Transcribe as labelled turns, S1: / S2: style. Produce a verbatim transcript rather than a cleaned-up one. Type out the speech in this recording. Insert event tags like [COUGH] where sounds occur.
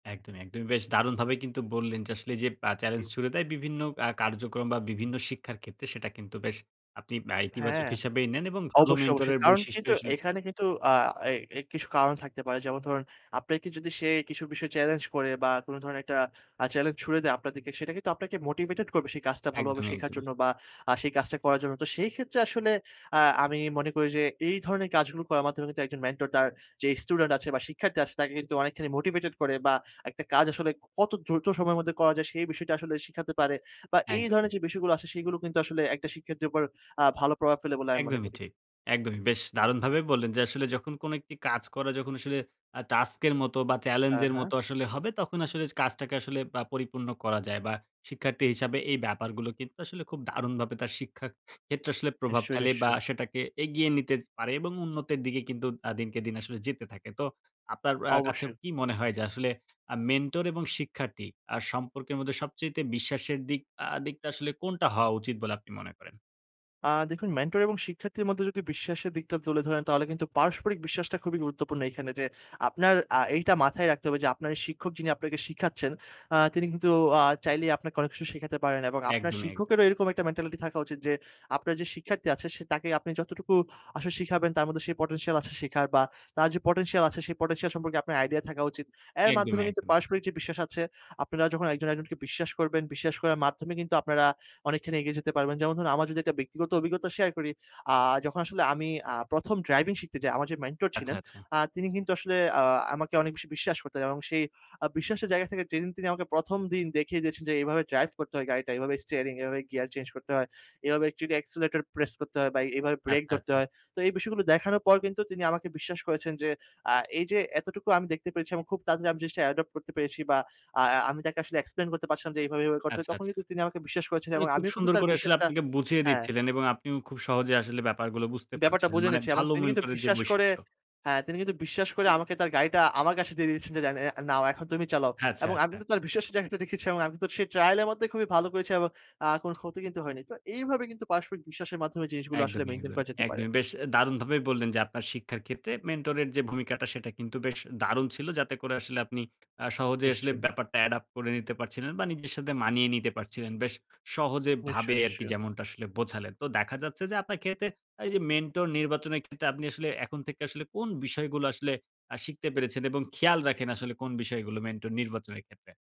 S1: একদমই, একদমই বেশ দারুণভাবেই কিন্তু বললেন যে, আসলে এই যে আ চ্যালেঞ্জ
S2: হুম।
S1: ছুঁড়ে দেয়, বিভিন্ন আ কার্যক্রম বা বিভিন্ন শিক্ষার ক্ষেত্রে, সেটা কিন্তু বেশ আপনি বা ইতিবাচক
S2: হ্যাঁ।
S1: হিসাবেই নেন এবং ভালো
S2: অবশ্যই,
S1: মেন্টর
S2: অবশ্যই।
S1: এর
S2: কারণ
S1: বৈশিষ্ট্যই
S2: কিন্তু
S1: আসলে
S2: এখানে কিন্তু আ এ এ কিছু কারণ থাকতে পারে। যেমন ধরুন আপনাকে যদি সে কিছু বিষয় চ্যালেঞ্জ করে বা কোন ধরনের একটা আ চ্যালেঞ্জ ছুঁড়ে দেয় আপনাদেরকে, সেটা কিন্তু আপনাকে মোটিভেটেড করবে, সেই কাজটা ভালোভাবে
S1: একদমই,
S2: শেখার
S1: একদমই।
S2: জন্য বা আ সেই কাজটা করার জন্য। তো সেই ক্ষেত্রে আসলে আ আমি মনে করি যে, এই ধরনের কাজগুলো করার মাধ্যমে কিন্তু একজন মেন্টর, তার যেই স্টুডেন্ট আছে বা শিক্ষার্থী আছে তাকে কিন্তু অনেকখানি মোটিভেটেড করে বা একটা কাজ আসলে কত দ্রুত সময়ের মধ্যে করা যায়, সেই বিষয়টা আসলে শিখাতে পারে। বা এই ধরনের
S1: একদমই।
S2: যে বিষয়গুলো আছে সেগুলো কিন্তু আসলে একটা শিক্ষার্থীর উপর আ ভালো প্রভাব ফেলে বলে আমি মনে
S1: একদমই
S2: করি।
S1: ঠিক। একদমই বেশ দারুণভাবেই বললেন যে, আসলে যখন কোন একটি কাজ করা যখন আসলে আ টাস্ক এর মতো বা চ্যালেঞ্জ
S2: হ্যাঁ,
S1: এর
S2: হ্যাঁ।
S1: মতো আসলে হবে, তখন আসলে কাজটাকে আসলে বা পরিপূর্ণ করা যায় বা শিক্ষার্থী হিসাবে এই ব্যাপারগুলো কিন্তু আসলে খুব দারুণভাবে তার শিক্ষার ক্ষেত্রে আসলে প্রভাব
S2: নিশ্চয়,
S1: ফেলে বা
S2: নিশ্চয়ই।
S1: সেটাকে এগিয়ে নিতে পারে এবং উন্নতির দিকে কিন্তু আ দিনকে দিন আসলে যেতে থাকে। তো আপনার আ কাছে
S2: অবশ্যই।
S1: কি মনে হয় যে, আসলে আ মেন্টর এবং শিক্ষার্থী আ সম্পর্কের মধ্যে সবচাইতে বিশ্বাসের দিক আ দিকটা আসলে কোনটা হওয়া উচিত বলে আপনি মনে করেন?
S2: আ দেখুন মেন্টর এবং শিক্ষার্থীর মধ্যে যদি বিশ্বাসের দিকটা তুলে ধরেন, তাহলে কিন্তু পারস্পরিক বিশ্বাসটা খুবই গুরুত্বপূর্ণ এইখানে যে, আপনার আ এইটা মাথায় রাখতে হবে যে, আপনার শিক্ষক যিনি আপনাকে শিখাচ্ছেন, আ তিনি কিন্তু আ চাইলেই আপনাকে অনেক কিছু শিখাতে পারেন এবং আপনার
S1: একদমই, একদম।
S2: শিক্ষকেরও এরকম একটা মেন্টালিটি থাকা উচিত যে, আপনার যে শিক্ষার্থী আছে, সে তাকে আপনি যতটুকু আসলে শিখাবেন তার মধ্যে সেই পটেনশিয়াল আছে শিখার বা তার যে পটেনশিয়াল আছে, সেই পটেনশিয়াল সম্পর্কে আপনার আইডিয়া থাকা উচিত। এর মাধ্যমে
S1: একদমই,
S2: কিন্তু
S1: একদম।
S2: পারস্পরিক যে বিশ্বাস আছে, আপনারা যখন একজন, একজনকে বিশ্বাস করবেন। বিশ্বাস করার মাধ্যমে কিন্তু আপনারা অনেকখানি এগিয়ে যেতে পারবেন। যেমন ধরুন, আমার যদি ব্যক্তি অভিজ্ঞতা শেয়ার করি। আ যখন আসলে আমি আ প্রথম ড্রাইভিং শিখতে যাই, আমার যে মেন্টর
S1: আচ্ছা,
S2: ছিলেন,
S1: আচ্ছা।
S2: আ তিনি কিন্তু আসলে আ আমাকে অনেক বেশি বিশ্বাস করতেন এবং সেই আ বিশ্বাসের জায়গা থেকে যেদিন তিনি আমাকে প্রথম দিন দেখিয়ে দিয়েছেন যে, এভাবে ড্রাইভ করতে হয় গাড়িটা, এভাবে স্টিয়ারিং, এভাবে গিয়ার চেঞ্জ করতে হয়। এভাবে টিট অ্যাক্সিলারেটর প্রেস করতে হয় বা এভাবে ব্রেক
S1: আচ্ছা,
S2: ধরতে
S1: আচ্ছা।
S2: হয়। তো এই বিষয়গুলো দেখানোর পর কিন্তু তিনি আমাকে বিশ্বাস করেছেন যে, আ এই যে এতটুকু আমি দেখতে পেরেছি এবং খুব তাড়াতাড়ি আমি জিনিসটা অ্যাডপ্ট করতে পেরেছি বা আ আ আমি তাকে আসলে এক্সপ্লেইন করতে পারছিলাম যে, এভাবে, এভাবে করতে হয়
S1: আচ্ছা,
S2: তখন
S1: আচ্ছা।
S2: কিন্তু তিনি আমাকে বিশ্বাস করেছেন
S1: মানে
S2: এবং
S1: খুব
S2: আমিও কিন্তু
S1: সুন্দর
S2: তার
S1: করে আসলে
S2: বিশ্বাসটা
S1: আপনাকে বুঝিয়ে
S2: হ্যাঁ।
S1: দিচ্ছিলেন এবং আপনিও খুব সহজে আসলে ব্যাপার গুলো বুঝতে
S2: ব্যাপারটা
S1: পারছিলেন,
S2: বুঝে
S1: মানে
S2: নিচ্ছি এবং
S1: ভাল
S2: তিনি কিন্তু
S1: মেন্টরের যে
S2: বিশ্বাস করে
S1: বৈশিষ্ট্য
S2: হ্যাঁ, তিনি কিন্তু বিশ্বাস করে আমাকে তার গাড়িটা আমার কাছে দিয়ে দিয়েছেন, যে, "নাও, এখন তুমি চালাও।"
S1: আচ্ছা,
S2: এবং আমি
S1: আচ্ছা।
S2: তো তার বিশ্বাসের জায়গাটা রেখেছি এবং আমি তো সেই ট্রায়াল এর মধ্যে খুবই ভালো করেছি এবং আ কোন ক্ষতি কিন্তু হয়নি। তো এইভাবে কিন্তু পারস্পরিক বিশ্বাসের মাধ্যমে জিনিসগুলো আসলে
S1: একদমই,
S2: মেইনটেইন
S1: একদমই।
S2: করা যেতে পারে।
S1: একদমই। বেশ
S2: [CLICKS TONGUE]
S1: দারুণভাবেই বললেন যে, আপনার শিক্ষার ক্ষেত্রে মেন্টর এর যে ভূমিকাটা, সেটা কিন্তু বেশ দারুণ ছিল। যাতে করে আসলে আপনি আ সহজে আসলে
S2: নিশ্চয়ই।
S1: ব্যাপারটা এডাপ করে নিতে পারছিলেন বা নিজের সাথে মানিয়ে নিতে পারছিলেন। বেশ সহজে
S2: নিশ্চয়ই,
S1: ভাবে আরকি,
S2: নিশ্চয়ই।
S1: যেমনটা আসলে বোঝালেন। তো দেখা যাচ্ছে যে, আপনার ক্ষেত্রে এই যে মেন্টর নির্বাচনের ক্ষেত্রে আপনি আসলে এখন থেকে আসলে কোন বিষয়গুলো আসলে আ শিখতে পেরেছেন এবং খেয়াল রাখেন আসলে কোন বিষয়গুলো মেন্টর নির্বাচনের ক্ষেত্রে?